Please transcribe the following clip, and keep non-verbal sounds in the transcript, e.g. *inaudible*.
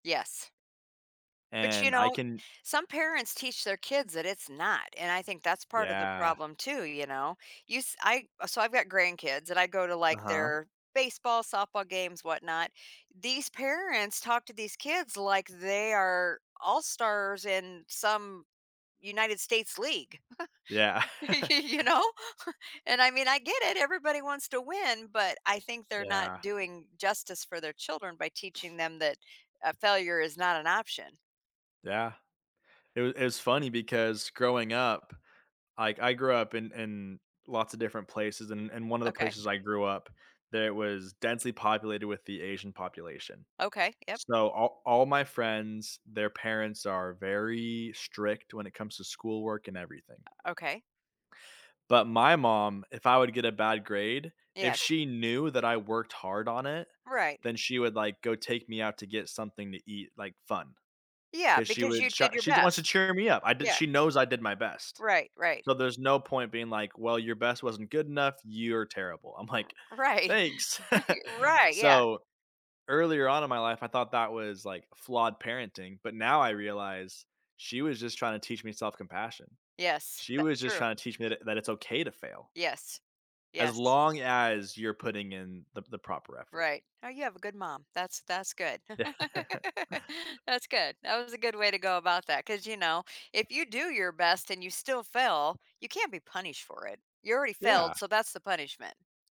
Yes. But you And I know, can some parents teach their kids that it's not, and I think that's part of the Yeah. problem, too, you know? You s I so I've got grandkids, and I go to, like, Uh-huh. their baseball, softball games, whatnot. These parents talk to these kids like they are all-stars in some United States league, Yeah. *chuckles* y *chuckles* you know, and I mean, I get it. Everybody wants to win, but I think they're not Yeah. doing justice for their children by teaching them that, uh, failure is not an option. Yeah, it was it was funny because growing up, like I grew up in in lots of different places and and one of the Okay. places I grew up it was densely populated with the Asian population, Okay, yup. so all all my friends their parents are very strict when it comes to schoolwork and everything. O okay. But my mom, if I would get a bad grade if Yes. she knew that I worked hard on it, Right. then she would, like, go take me out to get something to eat, like, fun, Yeah, 'cause she because you would, sha did your she wants to best. cheer me up. I did Yeah. she knows I did my best, Right, right. so there's no point being like, "Well, your best wasn't good enough. You're terrible." I'm R like, right, "Thanks." y *chuckles* right, yeah. So, earlier on in my life, I thought that was, like, flawed parenting, but now I realize she was just trying to teach me self-compassion. Yes, She that was just true. trying to teach me that that it's okay to fail Yes, as yes. long as you're putting in the the proper effort. Right. Oh, you have a good mom. That's that's good. *laughs* Yeah. That's good. That was a good way to go about that 'cause, you know, if you do your best and you still fail, you can't be punished for it. You already failed, Yeah. so that's the punishment.